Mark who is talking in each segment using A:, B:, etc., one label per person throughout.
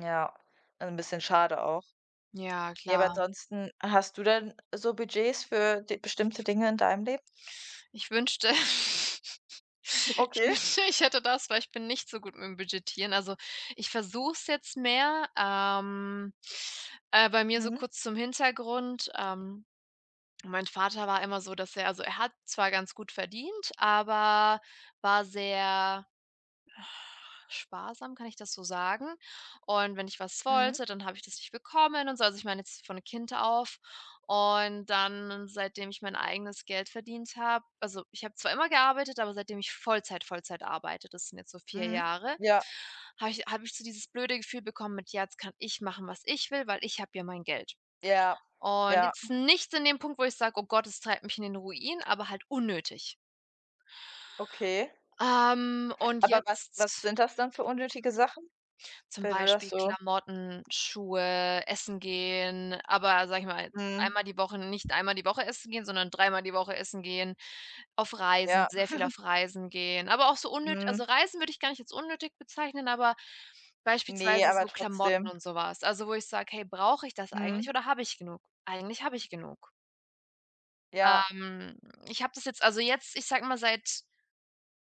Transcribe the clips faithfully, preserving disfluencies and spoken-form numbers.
A: Ja, also, 'n bisschen schade auch.
B: Ja,
A: Ja, aber
B: klar.
A: ansonsten hast du denn so Budgets für d bestimmte Dinge in deinem Leben?
B: Ich wünschte, ich
A: Okay.
B: wünschte ich hätte das, weil ich bin nicht so gut mit'm Budgetieren, also, ich versuche es jetzt mehr, ähm. Äh, bei mir so
A: Mhm.
B: kurz zum Hintergrund, ähm, mein Vater war immer so, dass er also, er hat zwar ganz gut verdient, aber war sehr sparsam, kann ich das so sagen? Und wenn ich was
A: Mhm.
B: wollte, dann habe ich das nicht bekommen und so. Also, ich meine jetzt von Kind auf. Und dann, seitdem ich mein eigenes Geld verdient habe also, ich habe zwar immer gearbeitet, aber seitdem ich Vollzeit-Vollzeit arbeite, das sind jetzt so vier
A: Mhm,
B: Jahre,
A: ja.
B: habe ich habe ich so dieses blöde Gefühl bekommen, mit „jetzt kann ich machen, was ich will, weil ich habe ja mein Geld.“
A: Ja,
B: Und
A: ja.
B: jetzt nichts in dem Punkt, wo ich sage: „Oh Gott, das treibt mich in den Ruin“, aber halt unnötig.
A: Okay.
B: Ähm, und
A: Aber was was
B: jetzt
A: sind das dann für unnötige Sachen,
B: Zum
A: wenn du das
B: Beispiel
A: so
B: Klamotten, Schuhe, Essen gehen, aber sage ich mal,
A: Mhm.
B: einmal die Woche nicht einmal die Woche essen gehen, sondern dreimal die Woche essen gehen, auf Reisen,
A: Ja.
B: sehr viel auf Reisen gehen. Aber auch so unnöt
A: Mhm.
B: also, Reisen würde ich gar nicht als unnötig bezeichnen, aber
A: Ne,
B: beispielsweise
A: aber
B: so Klamotten
A: trotzdem.
B: und so was. Also, wo ich sage: „Hey, brauche ich das eigentlich
A: Mhm.
B: oder habe ich genug?“ Eigentlich habe ich genug.
A: Ja.
B: Ähm, ich habe das jetzt also, jetzt, ich sage mal, seit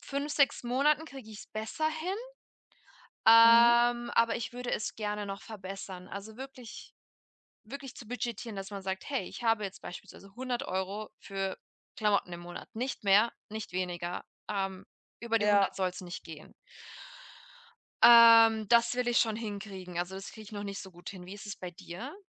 B: fünf, sechs Monaten kriege ich es besser hin,
A: Mhm.
B: ähm, aber ich würde es gerne noch verbessern. Also, wirklich wirklich zu budgetieren, dass man sagt: „Hey, ich habe jetzt beispielsweise hundert Euro für Klamotten im Monat. Nicht mehr, nicht weniger. Ähm, über die
A: Ja.
B: hundert soll's nicht gehen.“ Ähm, das will ich schon hinkriegen. Also, das kriege ich noch nicht so gut hin. Wie ist es bei dir?